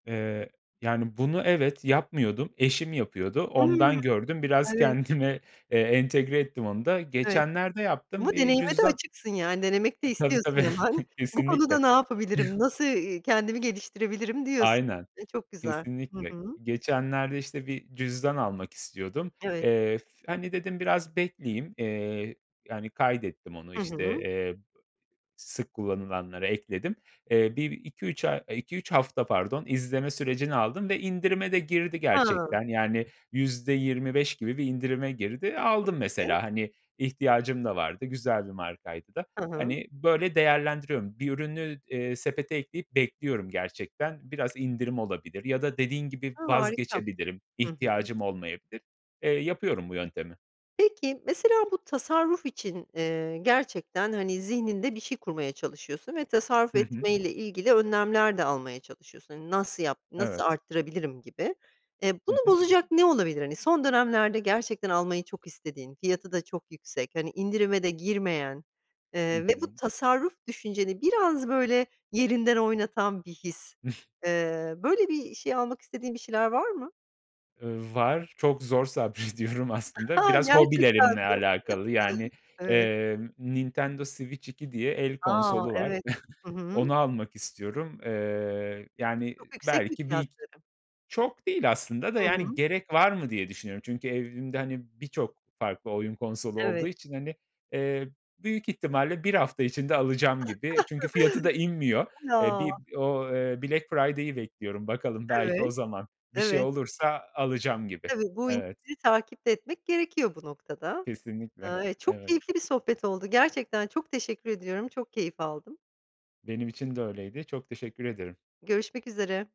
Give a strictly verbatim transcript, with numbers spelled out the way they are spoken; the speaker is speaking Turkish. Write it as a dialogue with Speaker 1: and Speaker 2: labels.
Speaker 1: Eee, yani, bunu evet, yapmıyordum. Eşim yapıyordu.
Speaker 2: Hımm.
Speaker 1: Ondan gördüm. Biraz
Speaker 2: Evet,
Speaker 1: kendime, eee, entegre ettim onu da.
Speaker 2: Evet,
Speaker 1: Geçenlerde
Speaker 2: ama
Speaker 1: yaptım bir
Speaker 2: deneyime de
Speaker 1: cüzdan
Speaker 2: açıksın yani, denemek de
Speaker 1: E, tabii,
Speaker 2: istiyorsun
Speaker 1: tabii,
Speaker 2: hemen. Bu konuda
Speaker 1: kesinlikle.
Speaker 2: ne yapabilirim, nasıl, iii, kendimi geliştirebilirim diyorsun.
Speaker 1: Aynen,
Speaker 2: E, çok güzel. Hı
Speaker 1: kesinlikle.
Speaker 2: hı.
Speaker 1: Geçenlerde işte bir cüzdan almak istiyordum.
Speaker 2: Evet.
Speaker 1: Eee, f hani, dedim biraz bekleyeyim. Eee, yani, kaydettim onu,
Speaker 2: Hı
Speaker 1: işte,
Speaker 2: hı.
Speaker 1: eee, sık kullanılanlara ekledim. Eee, bir iki üç ay iki üç hafta pardon, izleme sürecini aldım ve indirime de girdi
Speaker 2: Hıı.
Speaker 1: gerçekten, yani, yüzde yirmi beş gibi bir indirime girdi.
Speaker 2: Çok
Speaker 1: Aldım,
Speaker 2: iyi.
Speaker 1: mesela, hani, ihtiyacım da vardı. Güzel bir markaydı da,
Speaker 2: Hı hı.
Speaker 1: hani, böyle değerlendiriyorum. Bir ürünü, eee, sepete ekleyip bekliyorum gerçekten biraz indirim olabilir ya da dediğin gibi
Speaker 2: Ha, harika.
Speaker 1: vazgeçebilirim,
Speaker 2: Hı hı.
Speaker 1: ihtiyacım olmayabilir. Eee, yapıyorum bu yöntemi.
Speaker 2: Peki, mesela bu tasarruf için, eee, gerçekten, hani, zihninde bir şey kurmaya çalışıyorsun ve tasarruf
Speaker 1: Hı hı.
Speaker 2: etmeyle ilgili önlemler de almaya çalışıyorsun. Hani, nasıl yap nasıl
Speaker 1: Evet.
Speaker 2: arttırabilirim gibi. Eee,
Speaker 1: Hı
Speaker 2: bunu
Speaker 1: hı.
Speaker 2: bozacak ne olabilir? Hani, son dönemlerde gerçekten almayı çok istediğin, fiyatı da çok yüksek, hani, indirime de girmeyen,
Speaker 1: Hı
Speaker 2: eee, ve bu
Speaker 1: hı.
Speaker 2: tasarruf düşünceni biraz böyle yerinden oynatan bir his. Eee, böyle bir şey almak istediğin bir şeyler var mı?
Speaker 1: Iıı, var. Çok zor sabrediyorum aslında.
Speaker 2: Ha,
Speaker 1: Biraz
Speaker 2: gerçekten mi?
Speaker 1: hobilerimle alakalı. Yani,
Speaker 2: Evet.
Speaker 1: eee, Nintendo Switch 2 diye el
Speaker 2: A,
Speaker 1: konsolu var.
Speaker 2: evet. Hı hı.
Speaker 1: Onu almak istiyorum. Eee, yani,
Speaker 2: Çok yüksek mi
Speaker 1: belki bir
Speaker 2: fiyatları?
Speaker 1: Çok değil aslında da,
Speaker 2: Hı hı.
Speaker 1: yani, gerek var mı diye düşünüyorum. Çünkü evimde hani birçok farklı oyun konsolu olduğu
Speaker 2: Evet.
Speaker 1: için, hani, eee, büyük ihtimalle bir hafta içinde alacağım gibi. Çünkü fiyatı da inmiyor. E, bir
Speaker 2: Ya!
Speaker 1: o eee, Black Friday'i bekliyorum. Bakalım belki
Speaker 2: Evet,
Speaker 1: o zaman bir şey
Speaker 2: evet.
Speaker 1: olursa alacağım gibi.
Speaker 2: Tabii, bu
Speaker 1: Evet.
Speaker 2: indirimi takip de etmek gerekiyor bu noktada.
Speaker 1: Kesinlikle.
Speaker 2: Eee, çok
Speaker 1: Evet.
Speaker 2: keyifli bir sohbet oldu gerçekten, çok teşekkür ediyorum, çok keyif aldım.
Speaker 1: Benim için de öyleydi. Çok teşekkür ederim.
Speaker 2: Görüşmek üzere.